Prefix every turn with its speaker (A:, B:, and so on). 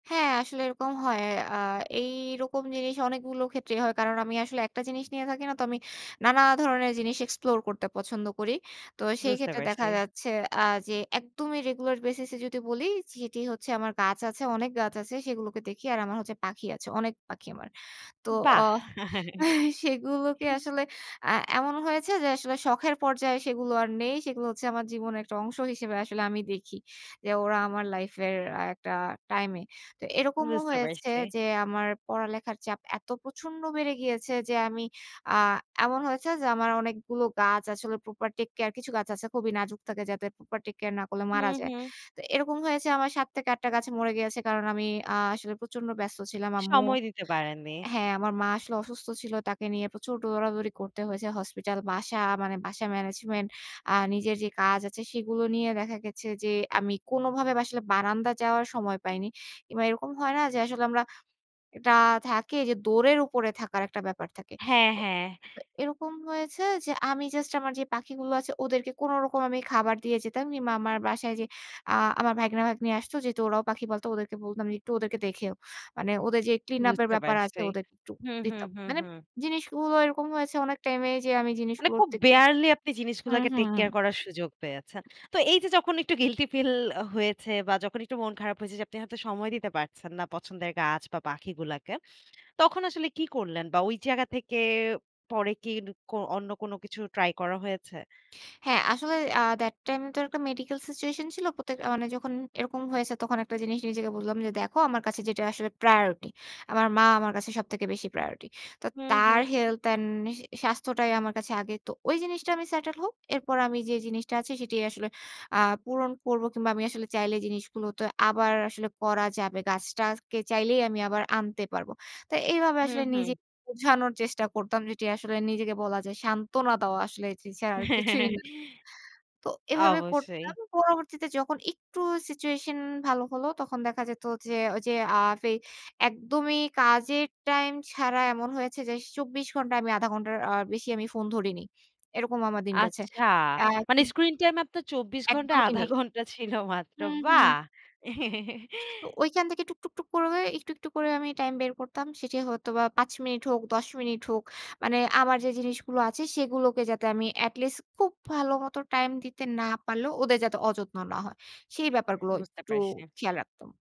A: হ্যাঁ, আসলে এরকম হয়। আ এই রকম জিনিস অনেকগুলো ক্ষেত্রেই হয়। কারণ আমি আসলে একটা জিনিস নিয়ে থাকি না। তো আমি নানা ধরনের জিনিস এক্সপ্লোর করতে পছন্দ করি। তো সেই
B: বুঝতে
A: ক্ষেত্রে দেখা
B: পারছি।
A: যাচ্ছে আ যে একদমই রেগুলার বেসিস এ যদি বলি সেটি হচ্ছে আমার গাছ আছে, অনেক গাছ আছে সেগুলোকে দেখি। আর আমার হচ্ছে পাখি আছে, অনেক পাখি আমার। তো অ
B: বাহ!
A: সেগুলোকে আসলে আ এমন হয়েছে যে আসলে শখের পর্যায়ে সেগুলো আর নেই। সেগুলো হচ্ছে আমার জীবনের একটা অংশ হিসেবে আসলে আমি দেখি যে ওরা আমার লাইফ এর একটা টাইম এ। তো এরকমও
B: বুঝতে
A: হয়েছে
B: পারছি।
A: যে, আমার পড়ালেখার চাপ এত প্রচন্ড বেড়ে গিয়েছে যে আমি আ এমন হয়েছে যে, আমার অনেকগুলো গাছ আসলে প্রপার টেক কেয়ার কিছু গাছ আছে খুবই নাজুক থাকে যাতে প্রপার টেক কেয়ার না করলে মারা
B: হুম,
A: যায়।
B: হু।
A: তো এরকম হয়েছে, আমার ৭ থেকে ৮ টা গাছ মরে গিয়েছে। কারণ আমি আ আসলে প্রচন্ড ব্যস্ত ছিলাম আম্মু
B: সময় দিতে পারেননি।
A: হ্যাঁ, আমার মা আসলে অসুস্থ ছিল। তাকে নিয়ে প্রচুর দৌড়াদৌড়ি করতে হয়েছে। হসপিটাল বাসা মানে বাসা ম্যানেজমেন্ট আ নিজের যে কাজ আছে সেগুলো নিয়ে দেখা গেছে যে, আমি কোনোভাবে আসলে বারান্দায় যাওয়ার সময় পাইনি। কিংবা এরকম হয় না যে, আসলে আমরা এটা থাকে যে দৌড়ের উপরে থাকার একটা ব্যাপার থাকে।
B: হ্যাঁ, হ্যাঁ।
A: তো এরকম হয়েছে যে, আমি জাস্ট আমার যে পাখিগুলো আছে ওদেরকে কোনোরকম আমি খাবার দিয়ে যেতাম কিংবা আমার বাসায় যে, আ আমার ভাইগনা ভাইগনি আসতো। যেহেতু ওরাও পাখি পালতো। ওদেরকে বলতাম যে একটু ওদেরকে দেখেও। মানে ওদের যে ক্লিন আপ এর
B: বুঝতে
A: ব্যাপার আছে
B: পারছি।
A: ওদেরকে একটু
B: হুম, হু,
A: দিতাম।
B: হুম,
A: মানে
B: হু।
A: জিনিসগুলো এরকম হয়েছে অনেক টাইম এ যে আমি
B: মানে
A: জিনিসগুলোর
B: খুব
A: থেকে
B: বেয়ারলি আপনি
A: হুম,
B: জিনিসগুলাকে টেক কেয়ার
A: হুম।
B: করার সুযোগ পেয়েছেন। তো এইযে, যখন একটু গিল্টি ফিল হয়েছে বা যখন একটু মন খারাপ হয়েছে যে, আপনি হয়তো সময় দিতে পারছেন না পছন্দের গাছ বা পাখিগুলাকে তখন আসলে কি করলেন বা ওই জায়গা থেকে পরে কি ক অন্য কোনো কিছু ট্রাই করা হয়েছে?
A: হ্যাঁ, আসলে আ দেট টাইম এ তো একটা মেডিকেল সিচুয়েশন ছিল। প্রত্যেক মানে যখন এরকম হয়েছে তখন একটা জিনিস নিজেকে বললাম যে, "দেখো আমার কাছে যেটা আসলে প্রায়োরিটি। আমার মা আমার কাছে সবথেকে বেশি প্রায়োরিটি।" তো
B: হু,
A: তার
B: হু।
A: হেলথ অ্যান্ড সা স্বাস্থ্যটাই আমার কাছে আগে। তো ওই জিনিসটা আমি সেটেল হোক। এরপর আমি যে জিনিসটা আছে সেটাই আসলে আ পূরণ করব কিংবা আমি আসলে চাইলে জিনিসগুলো তো আবার আসলে করা যাবে। গাছটাকে চাইলেই আমি আবার আনতে পারবো। তো এইভাবে
B: হু,
A: আসলে
B: হু।
A: নিজেকে বোঝানোর চেষ্টা করতাম। যেটি আসলে নিজেকে বলা যায় সান্ত্বনা দেওয়া আসলে এ ছাড়া আর কিছুই না তো এভাবে
B: অবশ্যই।
A: করতাম। পরবর্তীতে যখন একটু সিচুয়েশন ভালো হলো তখন দেখা যেত যে, ঐযে আ ফে একদমই কাজের টাইম ছাড়া এমন হয়েছে যে ২৪ ঘণ্টা আমি ০.৫ ঘন্টার আ বেশি আমি ফোন ধরিনি। এরকম আমার দিন গেছে।
B: আচ্ছা
A: অ্যা
B: মানে স্ক্রিন টাইম আপনার ২৪ ঘন্টা
A: একদমই
B: ০.৫
A: নেই।
B: ঘন্টা ছিল মাত্র।
A: হুম, হু।
B: বাহ!
A: তো ঐখান থেকে টুক, টুক, টুক করে একটু, একটু করে আমি টাইম বের করতাম। সেটি হয়তো বা ৫ মিনিট হোক ১০ মিনিট হোক। মানে আমার যে জিনিসগুলো আছে সেগুলোকে যাতে আমি এটলিস্ট খুব ভালো মত টাইম দিতে না পারলেও ওদের যাতে অযত্ন না হয়। সেই ব্যাপারগুলো
B: বুঝতে
A: একটু
B: পারছি।
A: খেয়াল রাখতাম।